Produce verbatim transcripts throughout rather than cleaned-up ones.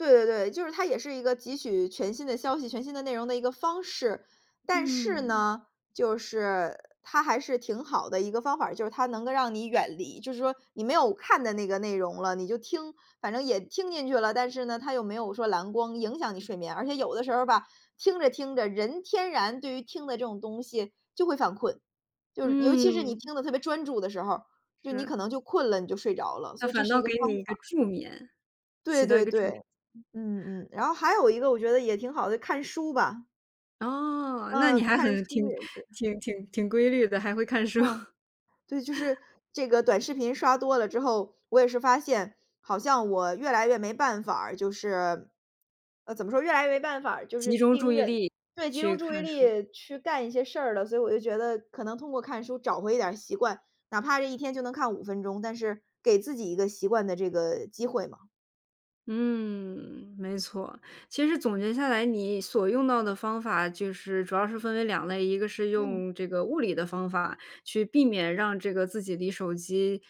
对对对，就是它也是一个汲取全新的消息、全新的内容的一个方式。但是嗯。呢，就是它还是挺好的一个方法儿，就是它能个让你远离，就是说你没有看的那个内容了，你就听，反正也听进去了，但是呢，它又没有说蓝光影响你睡眠。而且有的时候儿吧，听着，听着，人天然对于听的这种东西就会犯困。就是尤其是你嗯。听得特别专注的时候儿，就你是。可能就困了，你就睡着了，所那以这反是倒一个给方你一个法。助眠，对起到一对个助对，眠嗯嗯，然后还有一个我觉得也挺好的，看书吧。哦，那你嗯，还看很书挺也是。挺挺挺规律的，还会看书。嗯，对，就是 这个短视频刷多了之后，我也是发现好像我越来越没办法儿，就是呃，怎么说，越来越没办法儿就是集中注盯意着力对，集中去注意看书。力去干一些事儿了。所以我就觉得可能通过看书找回一点儿习惯，哪怕这一天就能看五分钟，但是给自己一个习惯的这个机会嘛。嗯，没错。其实总结下来，你所用到的方法，就是主要是分为两类，一个是嗯。用这个物理的方法，去避免让这个自己离手机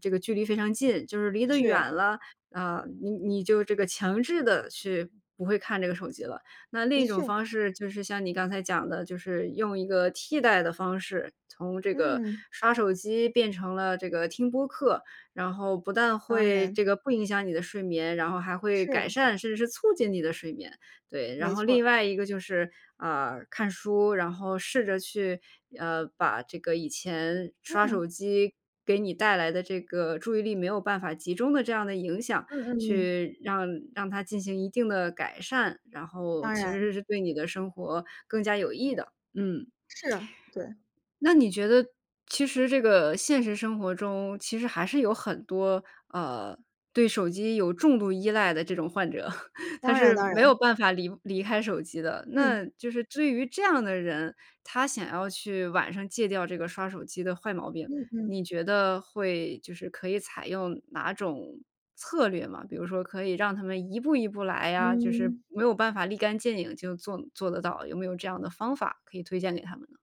这个距离非常近。就是离得是啊。远了，呃，你你就这个强制地去不会看这个手机了。那另的一种确。方式就是像你刚才讲的，就是用一个替代的方式，从这个嗯。刷手机变成了这个听播客，然后不但当会然。这个不影响你的睡眠，然后还会改是。善，甚至是促进你的睡眠。对，然没后错儿。另外一个就是，呃，看书，然后试着去，呃，把这个以前刷嗯。手机给你带来的这个注意力没有办法集中的这样的影响，嗯嗯嗯。去让让它进行一定地改善。然后当其然。实是对你的生活更加有益的，嗯。是，对。那你觉得其实这个现实生活中，其实还是有很多，呃，对手机有重度依赖的这种患者。他当然，是当没然。有办法离离开手机的。那嗯。就是至于这样的人，他想要去晚上戒掉这个刷手机的坏毛病，嗯你嗯。觉得会就是可以采用哪种策略吗？比如说可以让他们一步一步来呀，就是嗯。没有办法立竿见影就做做得到，有没有这样的方法可以推荐给他们呢？